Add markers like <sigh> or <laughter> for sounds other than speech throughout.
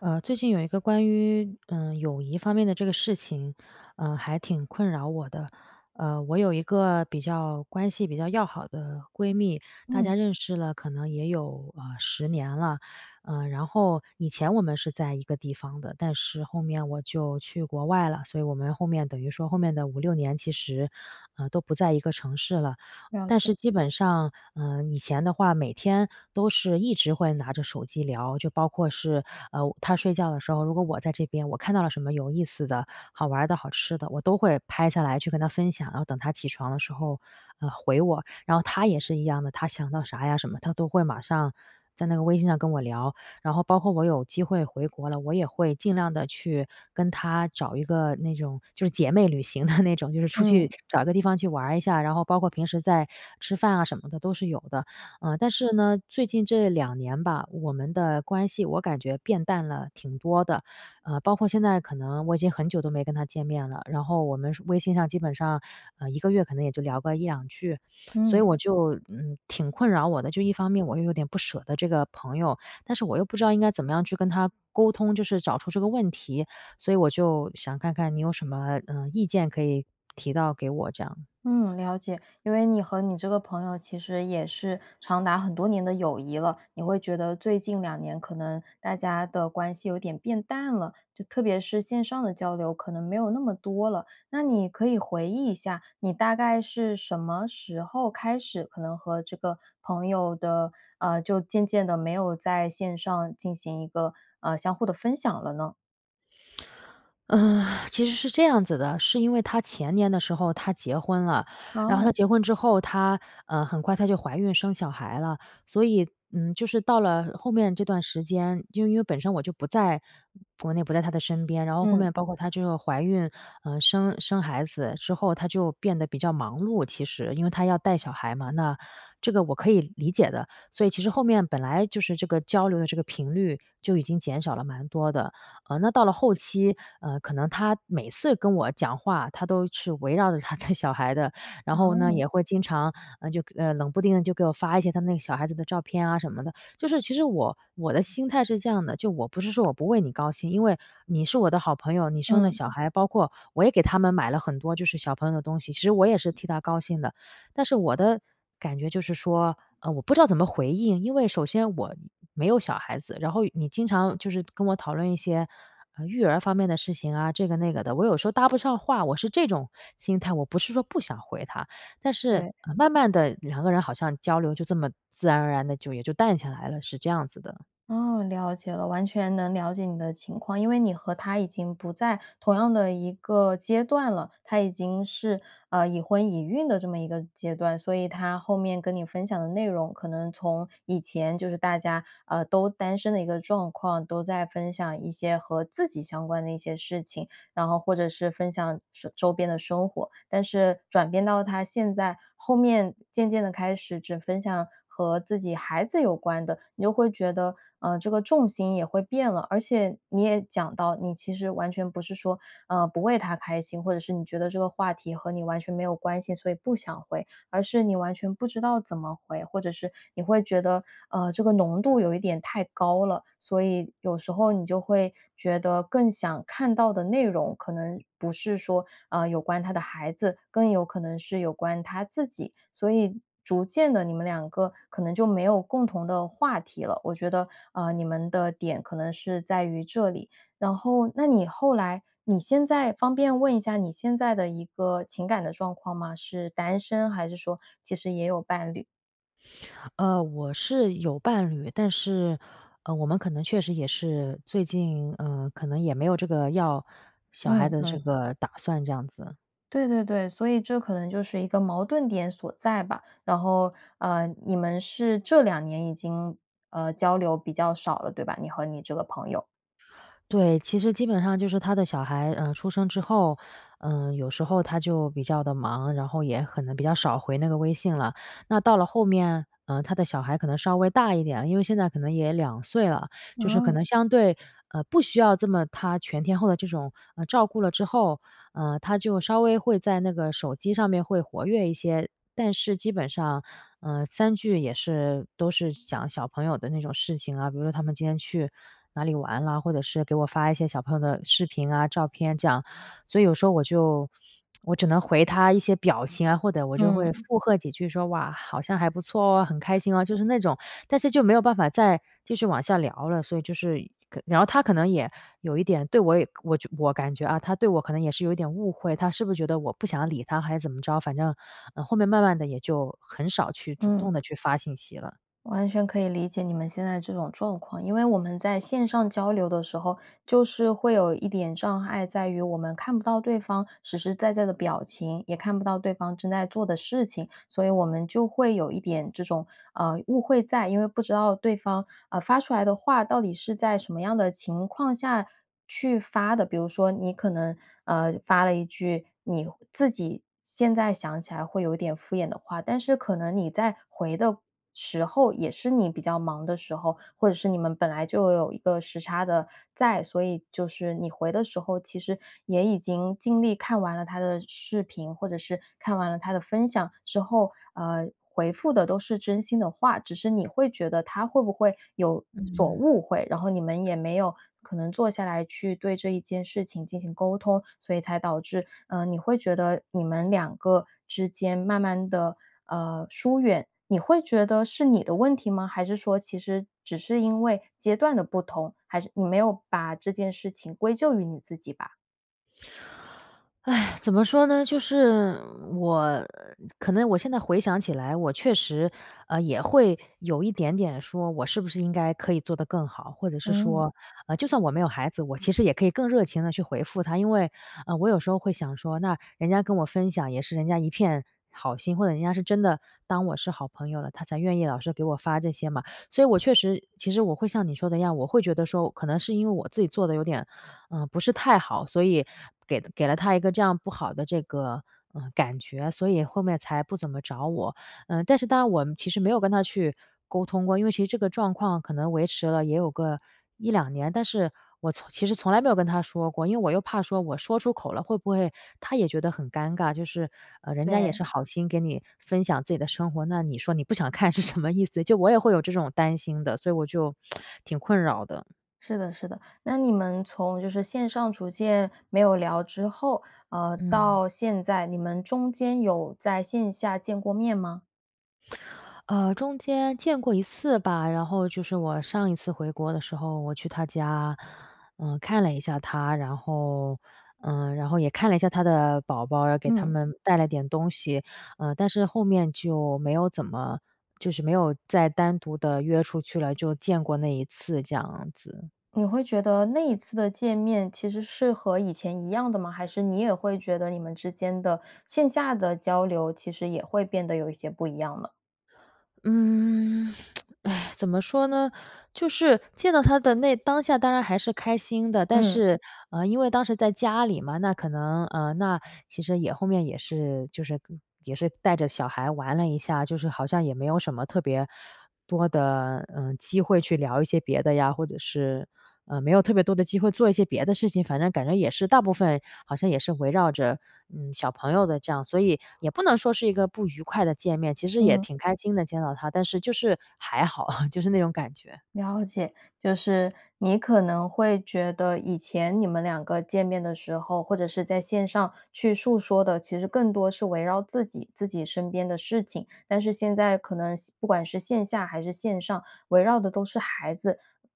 呃，最近有一个关于，呃，友谊方面的这个事情，呃，还挺困扰我的。呃，我有一个比较关系比较要好的闺蜜，大嗯。家认识了可能也有，呃，10年了。呃，然后以前我们是在一个地方的，但是后面我就去国外了，所以我们后面等于说后面的5-6年其实，呃，都不在一个城市了。了但解。是基本上，呃，以前的话，每天都是一直会拿着手机聊，就包括是，呃，她睡觉的时候，如果我在这边，我看到了什么有意思的，好玩儿的，好吃的，我都会拍下来去跟她分享然后等她起床的时候，呃，回我，然后她也是一样的，她想到啥呀什么她都会马上在那个微信上跟我聊，然后包括我有机会回国了，我也会尽量地去跟她找一个那种就是姐妹旅行的那种，就是出去嗯。找一个地方去玩儿一下，然后包括平时在吃饭啊什么的都是有的。呃，但是呢，最近这2年吧，我们的关系我感觉变淡了挺多的，呃，包括现在可能我已经很久都没跟她见面了，然后我们是微信上基本上，呃，1个月可能也就聊个1-2句，所以嗯。我就，嗯，挺困扰我的，就一方面我又有点不舍得这个朋友，但是我又不知道应该怎么样去跟她沟通，就是找出这个问题，所以我就想看看你有什么，嗯，意见可以提到给我这样。嗯，了解，因为你和你这个朋友其实也是长达很多年的友谊了，你会觉得最近2年可能大家的关系有点变淡了，就特别是线上的交流，可能没有那么多了。那你可以回忆一下，你大概是什么时候开始可能和这个朋友的呃，就渐渐地没有在线上进行一个，呃，相互的分享了呢？呃，其实是这样子的，是因为她前年的时候她结婚了。然后她哦。结婚之后，她，呃，很快她就怀孕生小孩了。所以，嗯，就是到了后面这段时间，就因为本身我就不在国内，不在她的身边，然后后嗯。面包括她这个怀孕，呃，生生孩子之后，她就变得比较忙碌其实，因为她要带小孩嘛，那这个我可以理解的。所以其实后面本来就是这个交流的这个频率就已经减少了蛮多的。呃，那到了后期，呃，可能她每次跟我讲话，她都是围绕着她的小孩的。然后呢，哦。也会经常，呃，就呃，冷不丁地就给我发一些他们那个小孩子的照片啊什么的。就是其实我我的心态是这样的，就我不是说我不为你高兴，因为你是我的好朋友，你生了嗯。小孩，包括我也给他们买了很多就是小朋友的东西，其实我也是替她高兴的。但是我的感觉就是说，呃，我不知道怎么回应，因为首先我没有小孩子，然后你经常就是跟我讨论一些，呃，育儿方面的事情啊，这个那个的，我有时候搭不上话，我是这种心态我不是说不想回她。但是，对。呃，慢慢地两个人好像交流就这么自然而然地就也就淡下来了，是这样子的。哦，了解了，完全能了解你的情况，因为你和她已经不在同样的一个阶段了。她已经是，呃，已婚已孕的这么一个阶段，所以她后面跟你分享的内容，可能从以前就是大家，呃，都单身的一个状况，都在分享一些和自己相关的一些事情，然后或者是分享这周边的生活，但是转变到她现在后面渐渐地开始只分享和自己孩子有关的，你就会觉得，呃，这个重心也会变了。而且你也讲到，你其实完全不是说，呃，不为她开心，或者是你觉得这个话题和你完全没有关系，所以不想回，而是你完全不知道怎么回，或者是你会觉得，呃，这个浓度有一点太高了。所以有时候你就会觉得更想看到的内容可能不是说，呃，有关她的孩子，更有可能是有关她自己，所以逐渐地你们两个可能就没有共同的话题了。我觉得，呃，你们的点可能是在于这里。然后，那你后来，你现在方便问一下你现在的一个情感的状况吗？是单身还是说其实也有伴侣？呃，我是有伴侣，但是，呃，我们可能确实也是最近呃，可能也没有这个要小孩嗯的这嗯。个打算，这样子。对对对，所以这可能就是一个矛盾点所在吧。然后，呃，你们是这2年已经呃，交流比较少了，对吧，你和你这个朋友？对，其实基本上就是她的小孩，呃，出生之后，呃，有时候她就比较地忙，然后也可能比较少回那个微信了。那到了后面，呃，她的小孩可能稍微大一点，因为现在可能也2岁了，就是可哦。能相对，呃，不需要这么她全天候地这种，呃，照顾了之后，呃，她就稍微会在那个手机上面会活跃一些。但是基本上，呃，3句也是都是讲小朋友的那种事情啊，比如说她们今天去哪里玩了，或者是给我发一些小朋友的视频啊、照片，这样。所以有时候我就 <tsk> 我只能回她一些表情啊，或者我就会嗯。附和几句说：“哇，好像还不错哦，很开心哦。”就是那种。但是就没有办法再继续往下聊了，所以就是然后她可能也有一点对我也我就我感觉啊，她对我可能也是有一点误会，她是不是觉得我不想理她，还是怎么着，反正，呃，后面慢慢地也就很少去主嗯。动地去发信息了。完全可以理解你们现在这种状况。因为我们在线上交流的时候，就是会有一点障碍，在于我们看不到对方实实在在的表情，也看不到对方正在做的事情，所以我们就会有一点这种，呃，误会在，因为不知道对方，呃，发出来的话，到底是在什么样的情况下去发的。比如说你可能，呃，发了一句，你自己现在想起来会有点敷衍的话，但是可能你在回的时候，也是你比较忙的时候，或者是你们本来就有一个时差的在。所以就是你回的时候，其实也已经尽力看完了他的视频，或者是看完了他的分享之后，呃，回复的都是真心的话。只是你会觉得他会不会有所嗯。误会？然后你们也没有可能坐下来，去对这一件事情进行沟通，所以才导致，呃，你会觉得你们两个之间慢慢地，呃，疏远，你会觉得是你的问题吗？还是说其实只是因为阶段的不同，还是你没有把这件事情归咎于你自己吧？<sighs> 怎么说呢，就是我可能我现在回想起来，我确实，呃，也会有一点点说我是不是应该可以做得更好？或者是嗯。说呃，就算我没有孩子，我其实也可以更热情地去回复她。因为，呃，我有时候会想说，那人家跟我分享也是人家一片好心，或者人家是真的当我是好朋友了她才愿意老是给我发这些嘛。所以我确实其实我会像你说的一样，我会觉得说可能是因为我自己做得有点，呃，不是太好，所以给给了她一个这样不好的这个，呃，感觉，所以后面才不怎么找我。呃，但是当然我其实没有跟她去沟通过。因为其实这个状况可能维持了也有个1-2年，但是我从其实从来没有跟她说过，因为我又怕说我说出口了，会不会她也觉得很尴尬？就是，呃，人家也对。是好心跟你分享自己的生活，那你说你不想看是什么意思？就我也会有这种担心的，所以我就 <tsk> 挺困扰的。是的是的，那你们从就是线上逐渐没有聊之后，呃，嗯。到现在，你们中间有在线下见过面吗？呃，中间见过1次吧，然后就是我上一次回国的时候，我去她家，呃，看了一下她，然后，呃，然后也看了一下她的宝宝，给她嗯。们带了点东西，呃，但是后面就没有怎么就是没有再单独地约出去了，就见过那1次，这样子。你会觉得那一次的见面其实是和以前一样的吗？还是你也会觉得你们之间的线下的交流，其实也会变得有一些不一样了？嗯，<smacks lips> <sighs> 怎么说呢，就是见到她的那当下当然还是开心的，但嗯。是，呃，因为当时在家里嘛，那可能呃，那其实也后面也是就是也是带着小孩玩了一下，就是好像也没有什么特别多的，呃，机会去聊一些别的呀，或者是，呃，没有特别多的机会做一些别的事情，反正感觉也是大部分好像也是围绕着，嗯，小朋友的这样，所以也不能说是一个不愉快的见面，其实也嗯。挺开心的见到她，但是就是还好，<chuckles> 就是那种感觉。了解，就是你可能会觉得以前你们2个见面的时候，或者是在线上去述说的，其实更多是围绕自己自己身边的事情，但是现在可能线不管是线下还是线上，围绕的都是孩子，并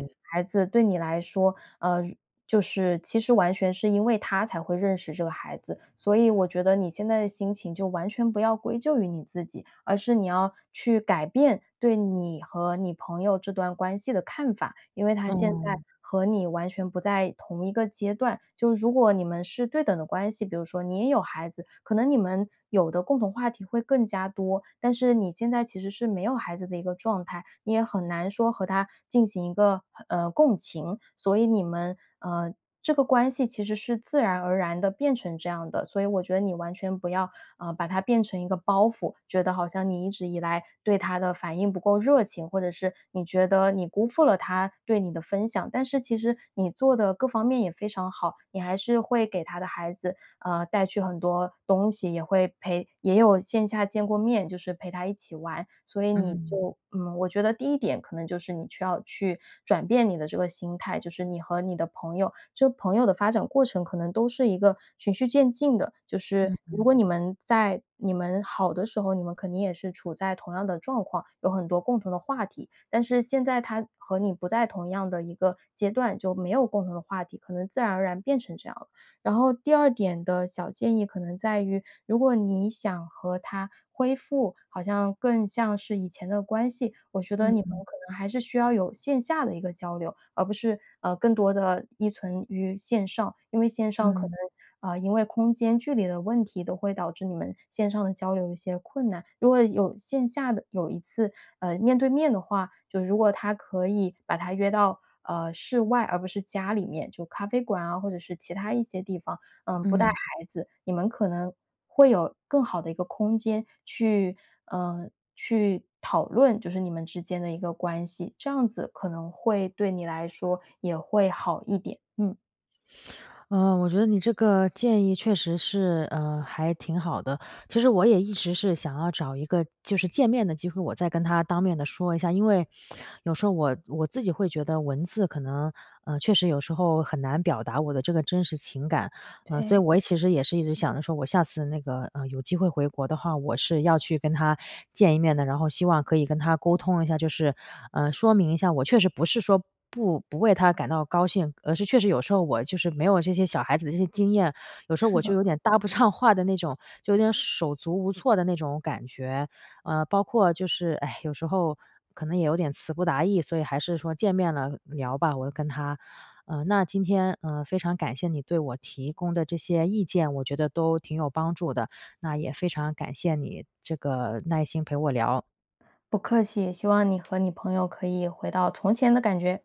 且孩子对你来说，呃，就是其实完全是因为她才会认识这个孩子，所以我觉得你现在的心情就完全不要归咎于你自己，而是你要去改变对你和你朋友这段关系的看法，因为她现在哦。和你完全不在同一个阶段。就如果你们是对等的关系，比如说你也有孩子，可能你们有的共同话题会更加多，但是你现在其实是没有孩子的一个状态，你也很难说和她进行一个，呃，共情，所以你们，呃，这个关系其实是自然而然地变成这样的，所以我觉得你完全不要，呃，把它变成一个包袱，觉得好像你一直以来对她的反应不够热情，或者是你觉得你辜负了她对你的分享，但是其实你做的各方面也非常好，你还是会给她的孩子，呃，带去很多东西，也会陪也有线下见过面，就是陪她一起玩，所以你嗯。就，呃，我觉得第一点可能就是你需要去转变你的这个心态，就是你和你的朋友，这个朋友的发展过程可能都是一个循序渐进的，就是嗯如嗯。果你们在你们好的时候，你们肯定也是处在同样的状况，有很多共同的话题，但是现在她和你不在同样的一个阶段，就没有共同的话题，可能自然而然变成这样了。然后第二点的小建议可能在于，如果你想和她恢复，好像更像是以前的关系，我觉嗯得你们嗯。可能还是需要有线下的一个交流，而不是，呃，更多地依存于线上，因为线上可嗯。能，呃，因为空间距离的问题都会导致你们线上的交流一些困难。如果有线下的有一次，呃，面对面的话，就如果她可以把她约到，呃，室外而不是家里面，就咖啡馆啊或者是其它一些地方，呃，不带嗯。孩子，你们可能会有更好地一个空间去呃，去讨论就是你们之间的一个关系，这样子可能会对你来说也会好一点，嗯。呃，我觉得你这个建议确实是，呃，还挺好的，其实我也一直是想要找一个就是见面的机会，我再跟她当面地说一下，因为有时候我我自己会觉得文字可能，呃，确实有时候很难表达我的这个真实情感，呃，所以对。我其实也是一直想着说我下次那个，呃，有机会回国的话，我是要去跟她见一面的，然后希望可以跟她沟通一下，就是，呃，说明一下我确实不是说不不为她感到高兴，而是确实有时候我就是没有这些小孩子的这些经验，有时候是我就的。有点搭不上话的那种，就有点手足无措的那种感觉。呃，包括就是，唉，有时候可能也有点词不达意，所以还是说见面了聊吧，我就跟她。呃，那今天，呃，非常感谢你对我提供的这些意见，我觉得都挺有帮助的，那也非常感谢你这个耐心陪我聊。不客气。希望你和你朋友可以回到从前的感觉。